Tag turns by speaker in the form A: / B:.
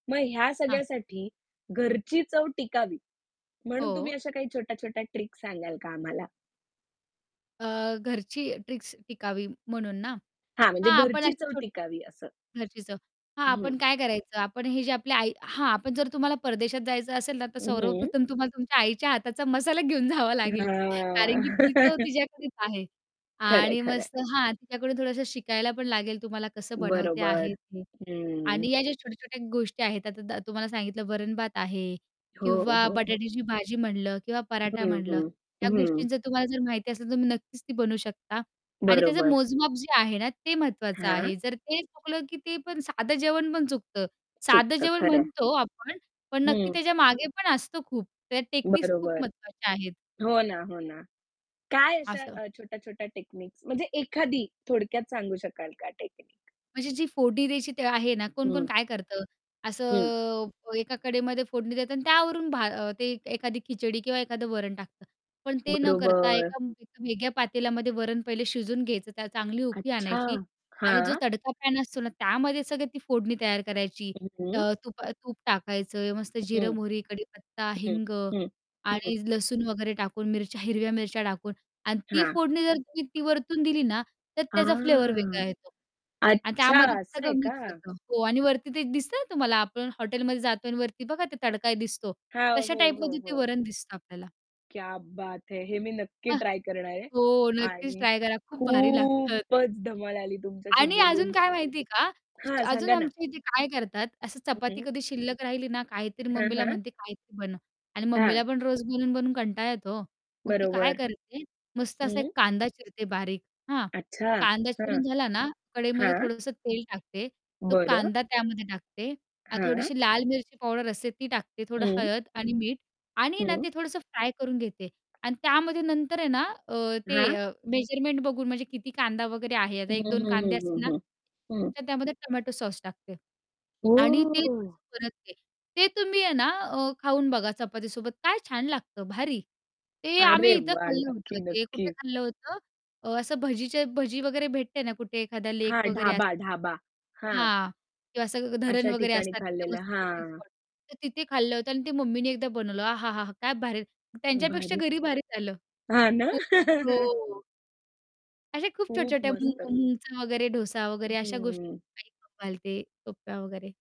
A: मग ह्या
B: हां.
A: सगळ्यासाठी घरची चव टिकावी, म्हणून तुम्ही
B: हो.
A: अशा काही छोट्या-छोट्या ट्रिक सांगाल का आम्हाला?
B: अ, घरची ट्रिक्स टिकावी म्हणून ना?
A: हां, म्हणजे
B: हां आपण
A: घरची
B: अशी
A: चव
B: छो
A: टिकावी असं.
B: घरची चव, हां
A: हं.
B: आपण काय करायचं, आपण हे जे आपली आई हां, पण जर तुम्हाला परदेशात जायचं असेल ना, तर
A: अ, हं.
B: सर्वप्रथम तुम्हाला तुमच्या आईच्या हाताचा मसाला घेऊन जावा लागेल कारण
A: हां.
B: की ती चव तिच्याकडेच आहे
A: खरं आहे,
B: आणि
A: खरं आहे.
B: मस्त हां, तिच्याकडून थोडंसं शिकायला पण लागेल तुम्हाला कसं बनवते
A: बरोबर,
B: आहे ती.
A: हं.
B: आणि या ज्या छोट्या-छोट्या गोष्टी आहेत, आता दा तुम्हाला सांगितलं, वरण-भात आहे
A: हो,
B: किंवा
A: हो.
B: बटाट्याची भाजी म्हटलं किंवा पराठा
A: हं,
B: म्हटलं,
A: हं,
B: त्या
A: हं.
B: गोष्टींचं तुम्हाला जर माहिती असेल तर तुम्ही नक्कीच ती बनवू शकता आणि त्याचं
A: बरोबर.
B: मोजमाप जे आहे ना, ते महत्त्वाचं
A: हां.
B: आहे जर ते चुकलं की ते पण साधं जेवण पण चुकतं. साधं
A: चुकतं,
B: जेवण
A: खरं आहे.
B: म्हणतो आपण पण नक्की
A: हं.
B: त्याच्या मागे पण असतं खूप, त्या टेक्निक्स खूप
A: बरोबर.
B: महत्त्वाच्या आहेत.
A: हो ना, हो ना. काय अशा
B: असं.
A: अ, छोट्या-छोट्या टेक्निक्स म्हणजे एखादी थोडक्यात सांगू शकाल का टेक्निक?
B: म्हणजे जी फोडणी द्यायची ते आहे ना, कोण-कोण
A: हं.
B: काय करतं,
A: हं.
B: असं एका कडेमध्ये फोडणी देता अन् त्यावरून भा अ, ते एखादी खिचडी किंवा एखादं वरण टाकतं. पण ते न करता
A: बरोबर.
B: एका एका वेगळ्या पातेल्यामध्ये वरण पहिले शिजवून घ्यायचं, त्याला चांगली उकळी
A: अच्छा!
B: आणायची आणि जो
A: हां.
B: तडका पॅन असतो ना, त्यामध्ये सगळे ती फोडणी तयार करायची,
A: हं, हं.
B: अ, तुपा अ, तूप टाकायचं, मस्त जिरं,
A: हं,
B: मोहरी, कडीपत्ता,
A: हं,
B: हिंग
A: हं, हं.
B: आणि लसूण वगैरे टाकून मिरच्या हिरव्या मिरच्या टाकून आणि ती
A: हां.
B: फोडणी जर तुम्ही ती वरतून दिली ना, तर त्याचा फ्लेवर
A: आह!
B: वेगळा येतो अन्
A: अच्छा,
B: त्यामध्ये ते
A: असं
B: सगळं
A: आहे का?
B: मिक्स होतं हो आणि वरती ते एक दिसतं ना तुम्हाला, आपण हॉटेलमध्ये जातोय अन् वरती बघा, ते तडका दिसतो,
A: हां,
B: तशा
A: हो, हो,
B: टाइपमध्ये ते
A: हो.
B: वरण दिसतं आपल्याला.
A: क्या बात है! हे मी नक्की
B: हां
A: ट्राय करणार आहे
B: हो नक्कीच
A: आणि
B: ट्राय करा, खूप भारी लागतं ते.
A: खूपच धमाल आली तुमच्याशी
B: आणि अजून
A: बोलून
B: काय माहिती आहे का, तेच
A: हां,
B: अजून
A: सांगा ना?
B: आमच्या इथे काय करतात, असं
A: हं,
B: चपाती
A: हं.
B: कधी शिल्लक राहिली ना, काहीतरी
A: हां,
B: मम्मीला
A: हां.
B: म्हणते, "काहीतरी बनव" आणि
A: हां.
B: मम्मीला पण रोज बनवून-बनवून कंटाळा येतो ओ, मग ती काय
A: बरोबर.
B: करते, मस्त असा एक
A: हं.
B: कांदा चिरते बारीक, हां?
A: अच्छा,
B: कांदा
A: हां,
B: चिरून झाला ना, कढईमध्ये
A: हां.
B: थोडंसं तेल टाकते, तो
A: बरं.
B: कांदा त्यामध्ये टाकते आणि
A: हां.
B: थोडीशी लाल मिरची पावडर असते ती टाकते, थोडं
A: हं.
B: हळद आणि मीठ आणि आहे ना
A: हं.
B: ते थोडंसं फ्राय करून घेते अन् त्यामध्ये नंतर आहे ना, अ, ते
A: हां.
B: अ, मेजरमेंट बघून म्हणजे किती कांदा वगैरे आहे, आता
A: हं,
B: 1-2
A: हं,
B: कांदे
A: हं,
B: असतील ना,
A: हं, हं. हं.
B: तर त्यामध्ये टोमॅटो सॉस टाकते आणि ते
A: ओह!
B: थोडसं परतते. ते तुम्ही आहे ना, अ, खाऊन बघा चपातीसोबत काय छान लागतं, भारी! ते आम्ही
A: अरे
B: इथं
A: वाह!
B: खाल्लं होतं
A: नक्की,
B: ते कुठे
A: नक्की.
B: खाल्लं होतं? अ, असं भजीच्या भजी वगैरे भेटते ना कुठे एखादा लेक
A: हां,
B: वगैरे असं
A: ढाबा, ढाबा. हां.
B: हां, किंवा असं ग धरण
A: अशा
B: वगैरे
A: ठिकाणी
B: असतात तर तिथे तर
A: खाल्लेलं,
B: तिथे मस्तपैकी
A: हां.
B: स्पॉट तर तिथे खाल्लं होतं अन् ती मम्मी ने एकदा बनवलं अहा! हा! हा! काय भारी. त्यांच्यापेक्षा
A: भारी!
B: घरी भारीच झालं.
A: हां ना?
B: खूप हो. अशा खूप
A: खूप
B: छोट्या-छोट्या मूग
A: मस्त!
B: मुंगचा वगैरे डोसा वगैरे अशा गोष्टी
A: हं.
B: [unintelligible] ते सोप्प्या वगैरे.